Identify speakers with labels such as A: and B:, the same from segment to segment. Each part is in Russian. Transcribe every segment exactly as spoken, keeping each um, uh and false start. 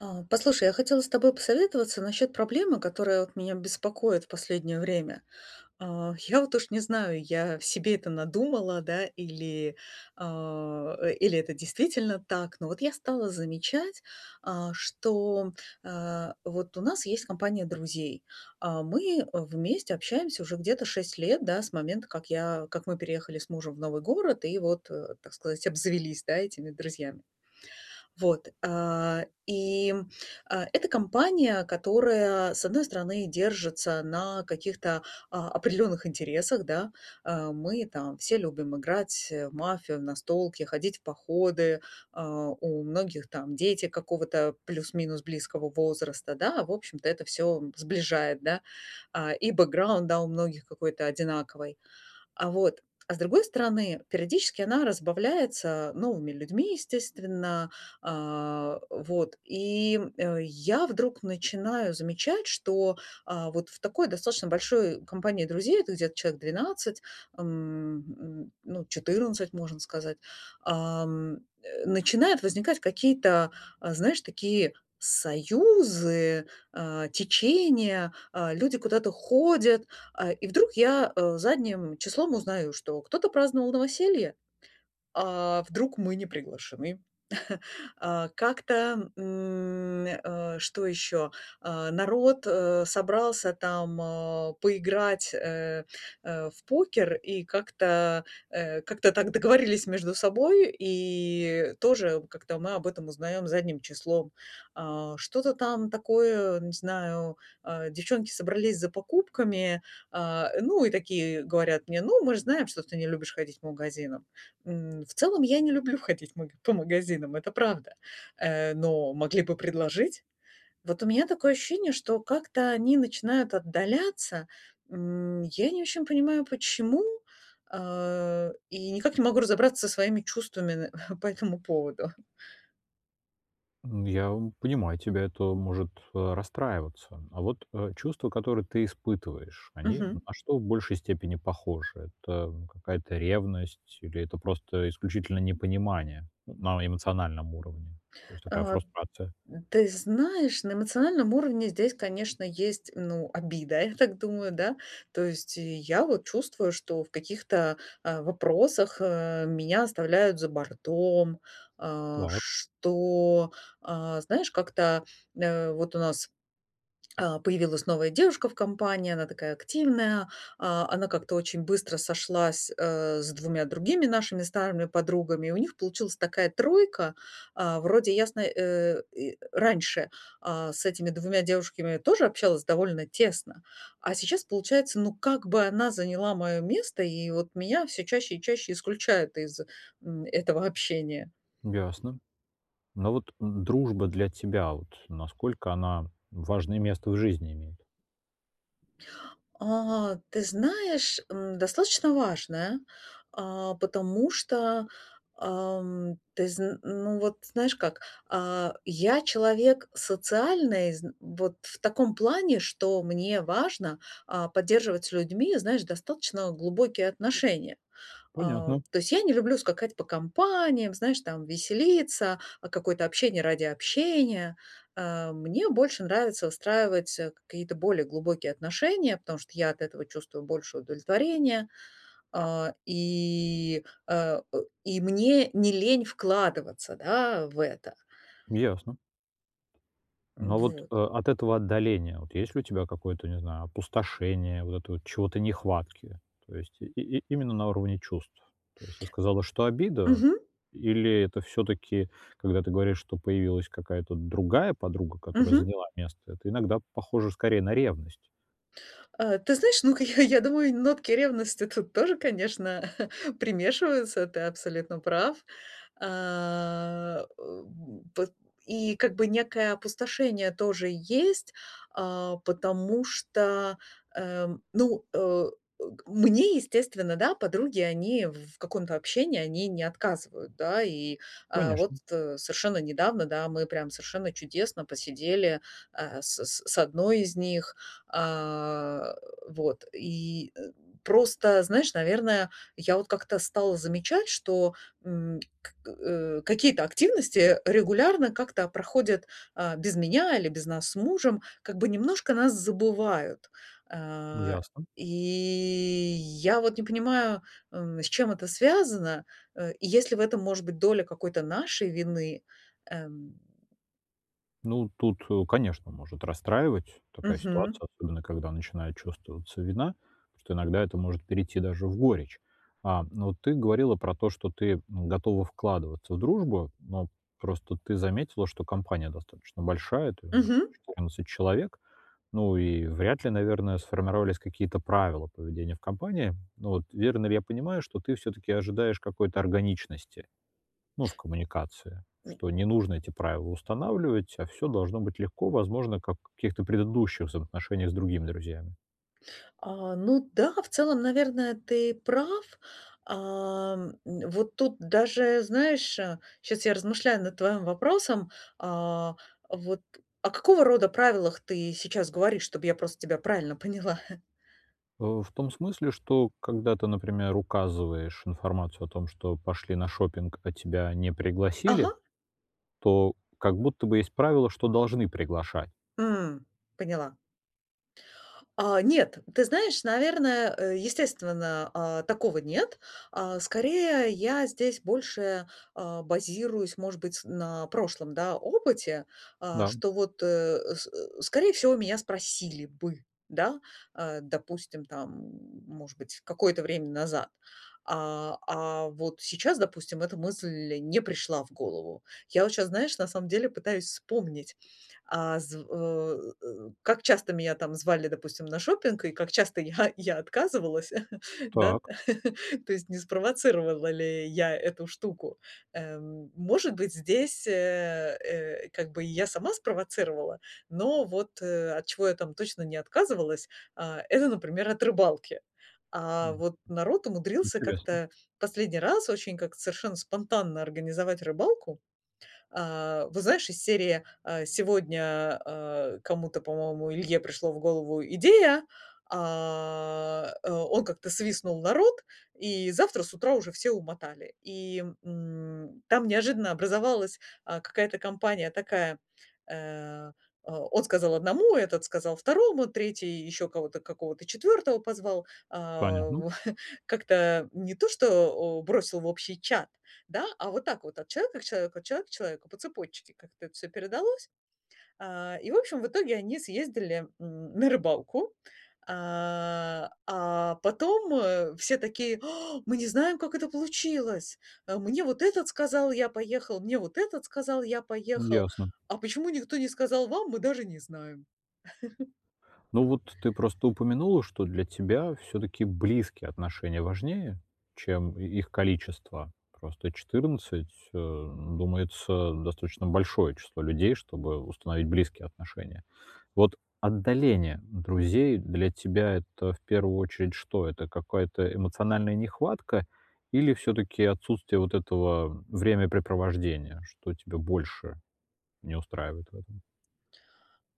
A: А, послушай, я хотела с тобой посоветоваться насчет проблемы, которая вот меня беспокоит в последнее время. А, я вот уж не знаю, я себе это надумала, да, или, а, э, или это действительно так, но вот я стала замечать, а, что, э, вот у нас есть компания друзей, а мы вместе общаемся уже где-то шесть лет, да, с момента, как я как мы переехали с мужем в новый город и вот, э, так сказать, обзавелись, да, этими друзьями. Вот, а, и, э, это компания, которая, с одной стороны, держится на каких-то, а, определенных интересах, да. Э, мы там все любим играть, э, в мафию, в настолки, ходить в походы. А, у многих там дети какого-то плюс-минус близкого возраста, да, в общем-то это всё сближает, да. А, и бэкграунд, да, у многих какой-то одинаковый, а, вот. А с другой стороны, периодически она разбавляется новыми людьми, естественно, а, вот, и, э, я вдруг начинаю замечать, что, а, вот в такой достаточно большой компании друзей, это где-то человек двенадцать, м, м, ну, четырнадцать, можно сказать, а, м, э, начинают возникать какие-то, э, знаешь, такие союзы, э, течения. Э, люди куда-то ходят, а, и вдруг я, э, задним числом узнаю, что кто-то праздновал новоселье, а вдруг мы не приглашены. А, как-то, м, э, что ещё, а, народ, э, собрался там, а, поиграть, э, э, в покер и как-то, э, как-то так договорились между собой и тоже как-то мы об этом узнаём задним числом. А, что-то там такое, не знаю, э, девчонки собрались за покупками, а, ну, и такие говорят мне: "Ну, мы же знаем, что ты не любишь ходить по магазинам". М, в целом, я не люблю ходить маг по магазинам, это правда. Э, но могли бы предложить. Вот у меня такое ощущение, что как-то они начинают отдаляться. М, я не очень понимаю, почему, э, и никак не могу разобраться со своими чувствами н по этому поводу.
B: М, я понимаю, тебя это может, э, расстраиваться, а вот, э, чувства, которые ты испытываешь, они на
A: Мгм.
B: что в большей степени похожи? Это какая-то ревность или это просто исключительно непонимание на эмоциональном уровне, то есть такая
A: А,
B: фрустрация?
A: ты знаешь, на эмоциональном уровне здесь, конечно, есть, ну, обида, я так думаю, да. То есть я вот чувствую, что в каких-то, а, вопросах, э, меня оставляют за бортом. А,
B: Так.
A: что, а, знаешь, как-то, э, вот у нас, а, появилась новая девушка в компании, она такая активная, а, она как-то очень быстро сошлась, э, с двумя другими нашими старыми подругами, у них получилась такая тройка, а, вроде ясни э, и, э, раньше, а, с этими двумя девушками тоже общалась довольно тесно, а сейчас получается, ну как бы она заняла моё место и вот меня всё чаще и чаще исключают из, м, этого общения.
B: Ясно. Но вот дружба для тебя, вот насколько она важное место в жизни имеет?
A: А, ты знаешь, м, достаточно важное, а, потому что, а, м, ты зн ну вот знаешь как, а, я человек социальный зн вот в таком плане, что мне важно, а, поддерживать с людьми, знаешь, достаточно, э, глубокие отношения. А,
B: Понятно.
A: то есть я не люблю скакать по компаниям, знаешь, там, веселиться, а, какое-то общение ради общения. Э, мне больше нравится выстраивать, э, какие-то более глубокие отношения, потому что я от этого чувствую больше удовлетворения, а, и, э э, и мне не лень вкладываться, да, в это.
B: Ясно. Но,
A: М,
B: а вот,
A: вот.
B: э, от этого отдаления, вот, есть ли у тебя какое-то, не знаю, опустошение, вот это вот чего-то нехватки? То есть и и именно на уровне чувств? То есть ты сказала, что обида,
A: Мгм.
B: или это всё-таки, когда ты говоришь, что появилась какая-то другая подруга, которая
A: Мгм.
B: заняла место, это иногда похоже скорее на ревность?
A: Э, ты знаешь, ну как, э, я думаю, нотки ревности тут тоже, конечно, примешиваются, ты абсолютно прав. А, э, м, и пот и как бы некое опустошение тоже есть. А, потому что, э, м, ну, э, э, к мне, естественно, да, подруги, они в в каком-то общении, они не отказывают, да. И, э, вот,
B: Конечно.
A: э, совершенно недавно, да, мы прямо совершенно чудесно посидели, а, с с с одной из них, а, э, вот. И, э, просто, знаешь, наверное, я вот как-то стала замечать, что, м, э, какие-то активности, э, регулярно как-то проходят, а, без меня или без нас с мужем, как бы немножко нас забывают. А,
B: Ясно.
A: и я вот не понимаю, эм, с чем это связано, э, и есть ли в этом, может быть, доля какой-то нашей вины, эм.
B: Ну, тут, э, конечно, может расстраивать такая
A: Мгм.
B: ситуация, особенно когда начинает чувствоваться вина, потому что иногда это может перейти даже в горечь. А, но вот ты говорила про то, что ты, м, готова вкладываться в дружбу, но просто ты заметила, что компания достаточно большая, то аж
A: Мгм.
B: четырнадцать человек, ну и вряд ли, наверное, сформировались какие-то правила поведения в компании, вот. Верно ли я понимаю, что ты всё-таки ожидаешь какой-то органичности, ну, в коммуникации, что
A: М.
B: не нужно эти правила устанавливать, а всё должно быть легко, возможно, как в каких-то предыдущих взаимоотношениях с другими друзьями.
A: А, ну да, в целом, наверное, ты прав. А, м, э, вот тут даже знаешь, э, щас я размышляю над твоим вопросом. А, вот о какого рода правилах ты сейчас говоришь, чтобы я просто тебя правильно поняла?
B: А, в том смысле, что когда ты, например, указываешь информацию о том, что пошли на шопинг, а тебя не пригласили,
A: Ага.
B: то как будто бы есть правило, что должны приглашать.
A: М, поняла. А, нет, ты знаешь, наверное, э, естественно, а, такого нет. А, скорее, я здесь больше, а, базируюсь, может быть, на прошлом, да, опыте, а,
B: Да.
A: что вот, э, с э, скорее всего меня спросили бы, да, а допустим, там, может быть, какое-то время назад, а, а, вот сейчас, допустим, эта мысль не пришла в голову. Я вот сейчас, знаешь, на самом деле пытаюсь вспомнить, а зв э, как часто меня там звали, допустим, на шопинг, и как часто я я отказывалась, да,
B: Так.
A: то есть не спровоцировала ли я эту штуку, эм. Может быть, здесь, э, э, как бы и я сама спровоцировала, но вот, э, от чего я там точно не отказывалась, а, это, например, от рыбалки. А
B: [unintelligible]
A: вот народ умудрился
B: Интересно.
A: как-то последний раз очень как-то совершенно спонтанно организовать рыбалку. А, вот знаешь, из серии, а, сегодня, а, кому-то, по-моему, Илье пришло в голову идея, а, э, он как-то свистнул народ, и завтра с утра уже все умотали. И, м, там неожиданно образовалась, а, какая-то компания такая, э, а, он сказал одному, этот сказал второму, третий, ещё кого-то, какого-то четвёртого позвал, а
B: Понятно.
A: как-то не то, что, о, бросил в общий чат, да, а вот так вот от человека к человеку, от человека к человеку, по цепочке как-то это всё передалось. А, и в общем, в итоге они съездили, м, на рыбалку, а, а, потом, э, все такие: "Мы не знаем, как это получилось! А мне вот этот сказал, я поехал, мне вот этот сказал, я
B: М,
A: поехал,
B: ясно.
A: а почему никто не сказал вам, мы даже не знаем."
B: Ну вот ты просто упомянула, что для тебя все-таки близкие отношения важнее, чем и их количество. Просто четырнадцать а, думается достаточно большое число людей, чтобы установить близкие отношения. Вот отдаление друзей для тебя это, в первую очередь, что? Это какая-то эмоциональная нехватка или всё-таки отсутствие вот этого времяпрепровождения, что тебя больше не устраивает в этом?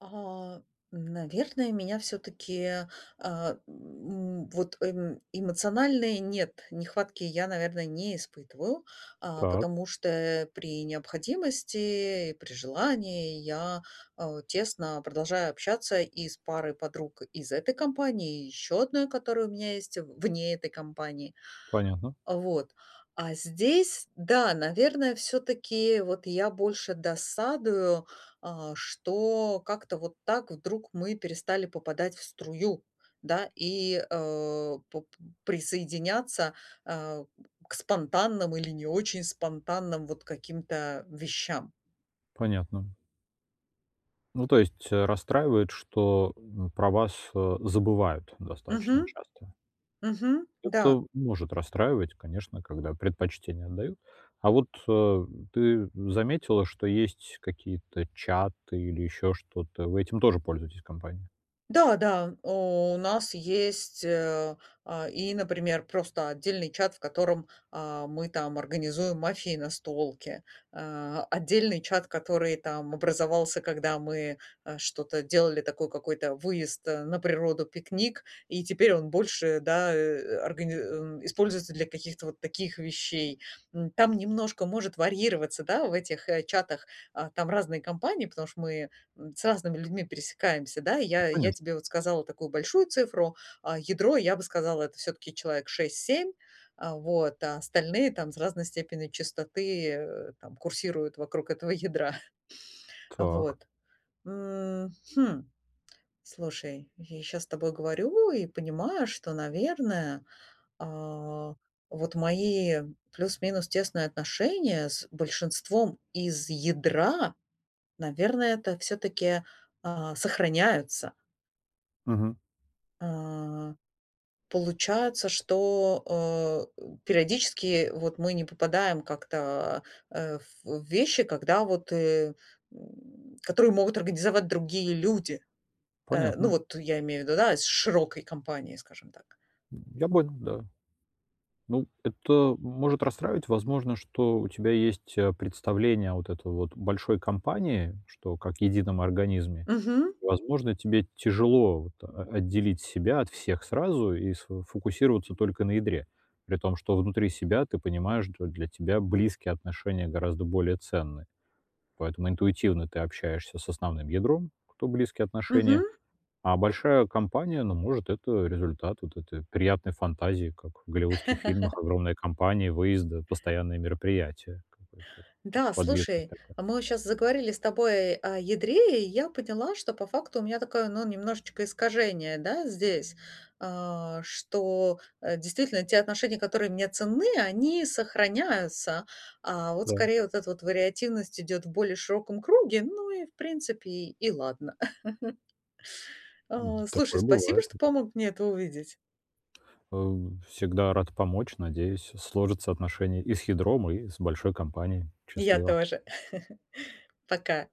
A: А наверное, меня всё-таки, а, м, вот эм эмоциональной нет, нехватки я, наверное, не испытываю. А
B: Так.
A: потому что, э, при необходимости и при желании я, а, тесно продолжаю общаться и с парой подруг из этой компании, и ещё одной, которая у меня есть в вне этой компании.
B: Понятно.
A: Вот, а здесь да, наверное, всё-таки вот я больше досадую, а, что как-то вот так вдруг мы перестали попадать в струю, да, и, э, поп присоединяться, а, к спонтанным или не очень спонтанным, вот, каким-то вещам.
B: Понятно. Ну то есть, э, расстраивает, что, м, про вас, э, забывают достаточно
A: Мгм,
B: часто.
A: мгм, да.
B: Это может расстраивать, конечно, когда предпочтение отдают. А вот, а, ты заметила, что есть какие-то чаты или еще что-то, вы этим тоже пользуетесь компанией?
A: Да, да, а, у нас есть, э, а, и, например, просто отдельный чат, в котором, а, мы там организуем мафии и настолки, а, отдельный чат, который там образовался, когда мы, а, что-то делали, такой какой-то выезд на природу, пикник, и теперь он больше, да, э, органи а, используется для каких-то вот таких вещей, м. Там немножко может варьироваться, да, в этих, э, чатах, а, там разные компании, потому что мы, м, с разными людьми пересекаемся, да.
B: Ну
A: Я я
B: конечно.
A: тебе вот сказала такую большую цифру, а ядро я бы сказала, это всё-таки человек шесть семь, а вот, а остальные там с разной степенью частоты, э, там курсируют вокруг этого ядра,
B: Так.
A: вот. М, хм. Слушай, я щас с тобой говорю и понимаю, что, наверное, а, вот мои плюс-минус тесные отношения с большинством из ядра, наверное, это всё-таки, а, сохраняются.
B: Мгм.
A: А, получается, что, э, периодически вот мы не попадаем как-то, а, в вещи, когда вот, э, м, которые могут организовать другие люди, э, ну,
B: Понятно.
A: вот я имею в виду, да, из широкой компании, скажем так.
B: М, я, [unintelligible] да. Ну это может расстраивать, возможно, что у тебя есть, э, представление вот это вот большой компании, что как едином организме.
A: Мгм.
B: И возможно, тебе тяжело вот о отделить себя от всех сразу и сфо фокусироваться только на ядре. При том, что внутри себя ты понимаешь, что для тебя близкие отношения гораздо более ценны. Поэтому интуитивно ты общаешься с основным ядром, кто- близкие отношения.
A: Мгм.
B: А большая компания, ну, может, это результат вот этой приятной фантазии, как в голливудских фильмах: огромная компания, выезды, постоянные мероприятия, какая-то
A: Да,
B: подвижность
A: слушай,
B: такая.
A: а, мы вот щас заговорили с тобой о ядре, и я поняла, что по факту у меня такое, ну, немножечко искажение, да, здесь. А что, э, действительно те отношения, которые мне ценны, они сохраняются. А, вот
B: Да.
A: скорее вот эта вот вариативность идёт в более широком круге, ну, и в принципе и ладно.
B: М,
A: А, слушай,
B: такое
A: спасибо,
B: бывает.
A: что помог мне это увидеть.
B: Э, всегда рад помочь. Надеюсь, сложатся отношения и с ядром, и с большой компанией.
A: И я
B: Счастливо.
A: тоже, пока.